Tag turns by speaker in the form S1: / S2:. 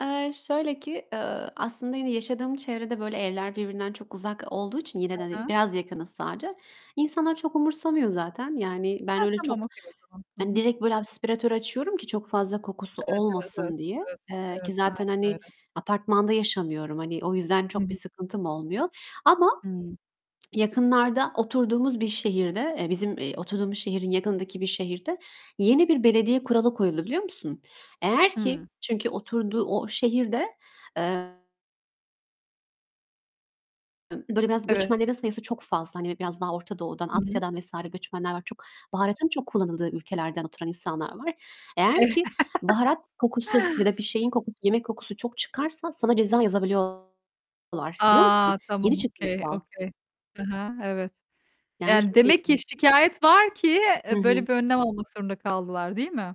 S1: Eee, şöyle ki, eee, aslında yine yaşadığım çevrede böyle evler birbirinden çok uzak olduğu için, yine
S2: Hı
S1: de, hani,
S2: hı.
S1: biraz yakınız sadece. İnsanlar çok umursamıyor zaten. Yani, ben
S2: Ha,
S1: öyle çok,
S2: tamam, okay o zaman. Hı
S1: hani,
S2: hı.
S1: direkt böyle aspiratörü açıyorum ki çok fazla kokusu
S2: Evet, evet, evet.
S1: olmasın diye.
S2: Evet,
S1: Eee, ki
S2: evet.
S1: zaten,
S2: Aynen
S1: hani,
S2: öyle.
S1: apartmanda yaşamıyorum, hani, o yüzden
S2: Hı
S1: çok bir
S2: hı.
S1: sıkıntım olmuyor. Ama
S2: Hıı.
S1: yakınlarda oturduğumuz bir şehirde, -eee, bizim, eee, oturduğumuz şehrin yakınındaki bir şehirde yeni bir belediye kuralı koyuldu, biliyor musun? Eğer ki
S2: Hıı.
S1: Çünkü oturduğu o şehirde, eee Böyle, biraz
S2: Evet.
S1: göçmenlerin sayısı çok fazla. Hani, biraz daha Orta Doğu'dan,
S2: Hı hı.
S1: Asya'dan vs. göçmenler var çok. Baharatın çok kullanıldığı ülkelerden oturan insanlar var. Eğer
S2: Evet.
S1: ki baharat kokusu ya da bir şeyin kokusu, yemek kokusu çok çıkarsa sana ceza yazabiliyorlar, biliyor musun?
S2: A! Tamam,
S1: Yeni çıktı bu
S2: okay,
S1: kural.
S2: okay Hı hı, evet.
S1: Yani
S2: Yani
S1: çok
S2: demek ki
S1: ilginç.
S2: şikâyet var ki,
S1: Hı
S2: eee, böyle
S1: hı.
S2: bir önlem almak zorunda kaldılar, değil mi?